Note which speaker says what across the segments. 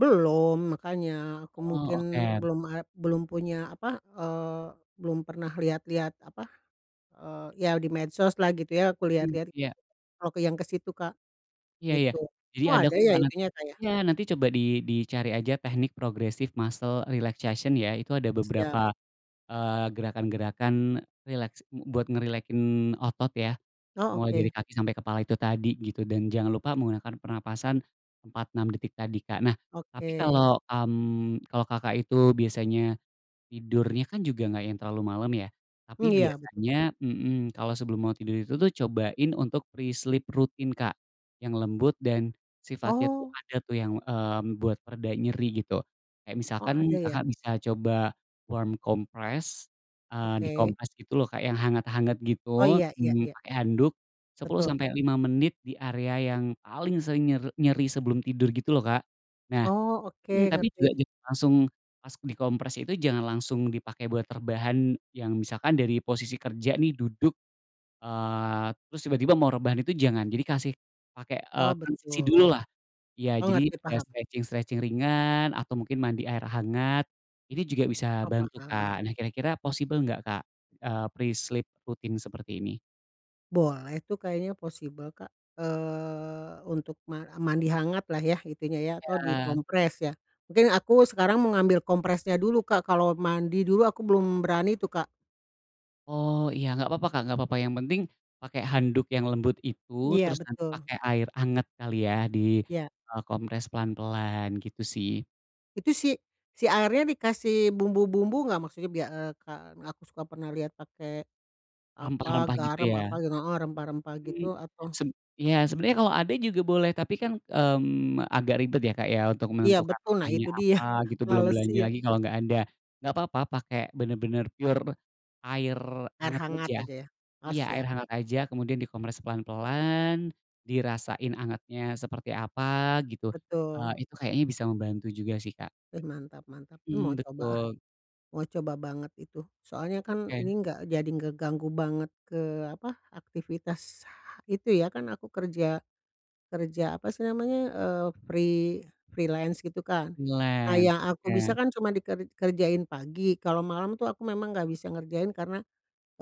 Speaker 1: Belum, makanya aku mungkin
Speaker 2: Oh, oke.
Speaker 1: belum a belum punya apa, eee, belum pernah lihat-lihat apa, eee, ya di medsos lah, gitu ya, aku
Speaker 2: Hmm,
Speaker 1: lihat-lihat,
Speaker 2: iya.
Speaker 1: kalo ke yang ke situ Kak,
Speaker 2: Iya iya,
Speaker 1: gitu.
Speaker 2: jadi
Speaker 1: Oh,
Speaker 2: ada
Speaker 1: ada ya,
Speaker 2: tekanan
Speaker 1: itunya Kak ya?
Speaker 2: iya, nanti coba di dicari aja teknik progresif muscle relaxation ya, itu ada beberapa,
Speaker 1: Siap.
Speaker 2: eee, gerakan-gerakan, eee, rileks mu buat ngerilekin otot ya.
Speaker 1: Oh,
Speaker 2: Mulai dari
Speaker 1: oke.
Speaker 2: kaki sampai kepala, itu tadi gitu, dan jangan lupa menggunakan pernapasan 4, 6 detik tadi, Kak. Nah tapi,
Speaker 1: Oke.
Speaker 2: kalo kam kalo Kakak itu biasanya, tidurnya kan juga nggak yang terlalu malem ya, tapi
Speaker 1: Mmm, iya, betul.
Speaker 2: biasanya mhm, kalo sebelum mau tidur itu tuh cobain untuk pre-sleep rutin, Kak, yang lembut dan sifatnya tuh,
Speaker 1: Oh.
Speaker 2: ada tuh, yang, eee, membuat pereda nyeri gitu, kayak
Speaker 1: Oh,
Speaker 2: misalkan
Speaker 1: ada ya?
Speaker 2: Kakak bisa coba warm compress, eee,
Speaker 1: Oke.
Speaker 2: dikompres gitu loh, Kak, yang hangat-hangat
Speaker 1: Oh,
Speaker 2: gitu,
Speaker 1: iya iya
Speaker 2: mmm,
Speaker 1: iya.
Speaker 2: pakai handuk 10
Speaker 1: Betul.
Speaker 2: sampai 5 menit di area yang paling sering nyer nyeri, sebelum tidur gitu loh, Kak. Nah
Speaker 1: Oh, oke
Speaker 2: mmm, tapi juga
Speaker 1: ngerti.
Speaker 2: jangan langsung pas dikompres itu, jangan langsung dipake buat rebahan, yang misalkan dari posisi kerja nih, duduk, eee, terus tiba-tiba mau rebahan, itu jangan, jadi kasih pakai,
Speaker 1: Oh,
Speaker 2: eee, transisi
Speaker 1: betul.
Speaker 2: dululah. Iya,
Speaker 1: Oh,
Speaker 2: jadi
Speaker 1: ngerti,
Speaker 2: ada
Speaker 1: paham.
Speaker 2: stretching-stretching ringan atau mungkin mandi air hangat, ini juga bisa
Speaker 1: Oh,
Speaker 2: bantu,
Speaker 1: paham.
Speaker 2: Kak. Nah, kira-kira possible nggak Kak, eee, pre-sleep rutin seperti ini?
Speaker 1: Boleh tuh, kayaknya possible Kak, eee, untuk ma mandi hangat lah ya, itunya ya, atau
Speaker 2: Iya.
Speaker 1: dikompres ya, mungkin aku sekarang mau ngambil kompresnya dulu, Kak, kalau mandi dulu aku belum berani tuh, Kak.
Speaker 2: Oh iya, nggak papa, Kak, nggak papa, yang penting pakai handuk yang lembut itu,
Speaker 1: Iya,
Speaker 2: terus nanti
Speaker 1: betul.
Speaker 2: pakai air hangat kali ya, di,
Speaker 1: Ya.
Speaker 2: eee, kompres pelan-pelan, gitu sih.
Speaker 1: Itu si si airnya dikasih bumbu-bumbu nggak? Maksudnya biar eee, kan aku suka pernah liat pake apa,
Speaker 2: Rempah-rempah gitu
Speaker 1: garam apa
Speaker 2: ya?
Speaker 1: gitu heeh, rempah-rempah
Speaker 2: Mmm,
Speaker 1: gitu atau
Speaker 2: seb iya, sebenarnya kalau ada juga boleh, tapi kan, mmm, agak ribet ya, Kak, ya, untuk
Speaker 1: Iya,
Speaker 2: menentukan
Speaker 1: betul. Nah,
Speaker 2: makannya
Speaker 1: itu dia,
Speaker 2: apa gitu, belum
Speaker 1: males,
Speaker 2: belanja
Speaker 1: iya.
Speaker 2: lagi, kalau nggak ada. Nggak papa pake bener-bener pure air
Speaker 1: Air
Speaker 2: hangat
Speaker 1: hangat
Speaker 2: aja.
Speaker 1: aja ya? Oh
Speaker 2: Iya, air
Speaker 1: siap.
Speaker 2: hangat aja kemudian dikompres pelan-pelan, dirasain hangatnya seperti apa, gitu, eee,
Speaker 1: Betul.
Speaker 2: itu kayaknya bisa membantu juga sih, Kak.
Speaker 1: Eh, mantap mantap. Mmm, mau
Speaker 2: Mmm,
Speaker 1: coba ah,
Speaker 2: betul.
Speaker 1: mau coba banget itu, soalnya kan ini
Speaker 2: Oke.
Speaker 1: enggak jadi ngeganggu banget ke apa, aktivitas ha itu ya, kan aku kerja kerja apa sih namanya, eee, free freelance gitu kan. Nah,
Speaker 2: Freelance.
Speaker 1: yang aku
Speaker 2: Oke.
Speaker 1: bisa kan cuma diker dikerjain pagi, kalo malam tuh aku memang nggak bisa ngerjain, karena,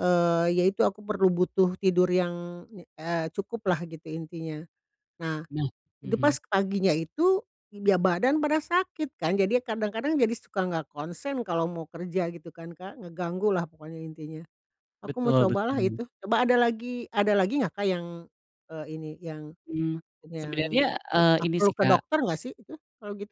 Speaker 1: eee, ya itu, aku perlu butuh tidur yang nye eee, cukuplah, gitu intinya. Nah,
Speaker 2: Nah
Speaker 1: itu pas
Speaker 2: mhm.
Speaker 1: paginya itu, iga badan pada sakit kan, jadi kadang-kadang jadi suka nggak konsen kalau mau kerja gitu kan, Kak, ngeganggu lah pokoknya, intinya. Aku mau
Speaker 2: Betul
Speaker 1: cobalah
Speaker 2: betul.
Speaker 1: itu, coba ada lagi ada lagi nggak, Kak, yang, eee, ini, yang
Speaker 2: Mmm,
Speaker 1: yang
Speaker 2: sebenernya, eee,
Speaker 1: ah,
Speaker 2: ini
Speaker 1: perlu
Speaker 2: sih,
Speaker 1: ke
Speaker 2: Kak
Speaker 1: dokter nggak sih itu, kalau gitu?